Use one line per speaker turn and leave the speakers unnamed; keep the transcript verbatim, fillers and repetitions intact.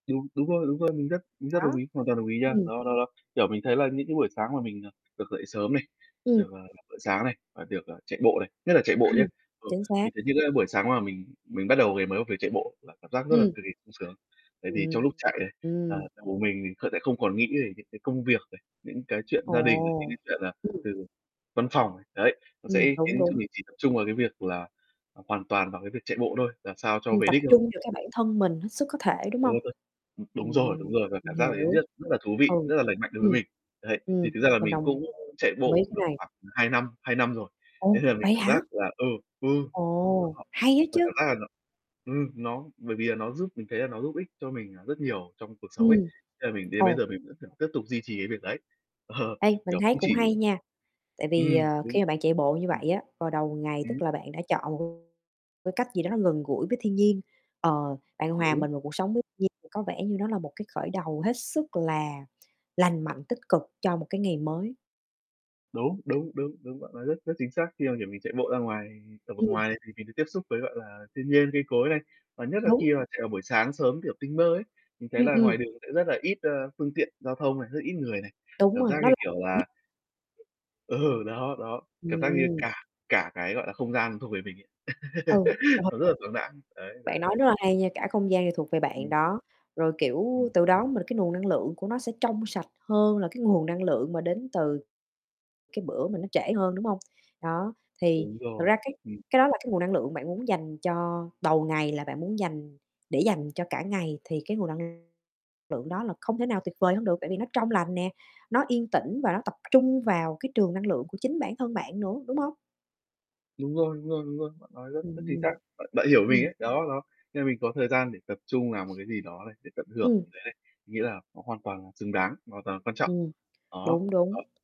Đúng, đúng rồi, đúng rồi, mình rất mình rất đồng
Đó,
ý, hoàn toàn đồng ý nha.
ừm.
Đó, đó, đó. Kiểu mình thấy là những cái buổi sáng mà mình, ờ, được dậy sớm này,
Ừm.
được, ờ, làm bữa sáng này, và được, ờ, chạy bộ này, nhất là chạy bộ
Ừm,
nhá. Ừ,
chính xác.
mình thấy những cái buổi sáng mà mình mình bắt đầu ngày mới bằng việc chạy bộ là cảm giác rất là
Ừm.
cực kỳ sung sướng. Tại vì trong lúc
Ừm.
chạy ấy là là
Ừm.
cùng mình mình sẽ không còn nghĩ về những cái công việc này, những cái chuyện
Ồ,
gia đình, những cái chuyện, ờ,
ừm.
từ văn phòng. Đấy, nó
Ừm,
sẽ
đúng,
khiến cho
đúng.
mình chỉ tập trung vào cái việc là hoàn toàn vào cái việc chạy bộ thôi, làm sao cho
Ừm,
về
tập
đích thôi.
trung vào cái bản thân mình hết sức có thể, đúng hông?
[unintelligible] Ưm, đúng rồi, đúng
Ừm,
rồi, và
mình
cảm giác đấy
hiểu.
rất rất là thú vị,
Ừ,
rất là lành mạnh đối với
ừm,
mình. Đấy, thì
ừm,
thực ra là
mình
mình cũng
đồng
chạy
ý
bộ
cái
được
này.
khoảng hai năm, hai năm rồi, thế
Ồ,
nên là mình
vậy
cảm giác
hả?
là ừ, ừ,
Ồ,
ờ,
hay á
mình cảm
chứ.
giác là nó ừm, nó bởi vì là nó giúp mình thấy là nó giúp ích cho mình rất nhiều trong cuộc sống ấy.
Ừm,
Thế là mình đến bây
ồ.
giờ mình vẫn, kiểu, tiếp tục duy trì cái việc đấy.
Ê, mình
kiểu,
thấy
cũng
cũng
chỉ
hay nha. Tại vì,
ừm,
ờ, khi
đúng.
mà bạn chạy bộ như
Ừm.
vậy á, vào đầu ngày
Ừm
tức là bạn đã chọn cái cách gì đó nó gần gũi với thiên nhiên. Ờ, bạn hòa
Đúng.
mình vào cuộc sống với thiên nhiên thì có vẻ như nó là một cái khởi đầu hết sức là lành mạnh, tích cực cho một cái ngày mới.
Đúng, đúng, đúng, đúng. Bạn nói rất rất chính xác khi mà, kiểu, mình chạy bộ ra ngoài, ở vực
Ừm.
ngoài thì mình được tiếp xúc với, gọi là, thiên nhiên, cây cối này. Và nhất là
Đúng.
khi mà chạy vào buổi sáng sớm kiểu tinh mơ ấy, mình thấy
Ừm,
là
ừm.
ngoài đường sẽ rất là ít, ơ, phương tiện giao thông này, rất là ít người này.
Đúng
Cảm
rồi,
giác
nó
như
là
kiểu
[unintelligible]
là ừ, đó, đó. Cảm giác như
Ừm.
cả cả cái, gọi là, không gian thuộc về mình ấy.
Ừ, trường hợp
Nó rất là thoáng đãng. Đấy,
Bạn
đấy,
nói
đấy.
rất là hay nha, cả không gian này thuộc về bạn
Ừm.
đó. Rồi, kiểu,
Ừm
từ đó mà cái nguồn năng lượng của nó sẽ trong sạch hơn là cái nguồn năng lượng mà đến từ cái bữa mà nó trễ hơn, đúng hông? Đó, thì
Đúng
thực
rồi,
ra cái
ừm
cái đó là cái nguồn năng lượng bạn muốn dành cho đầu ngày, là bạn muốn dành để dành cho cả ngày, thì cái nguồn năng lượng đó là không thể nào tuyệt vời hơn được. Tại vì nó trong lành nè, nó yên tĩnh và nó tập trung vào cái trường năng lượng của chính bản thân bạn nữa, đúng hông?
Đúng rồi, đúng rồi, đúng rồi. Bạn nói rất rất chính xác.
Ừm,
Bạn bạn hiểu mình
ừm.
ấy. Đó, đó. Nên là mình có thời gian để tập trung làm một cái gì đó này, để tận hưởng
Ừm.
với lại mình nghĩ là nó hoàn toàn là xứng đáng, hoàn toàn là quan trọng.
Ừm,
Đó.
đúng,
Ờ.
đúng.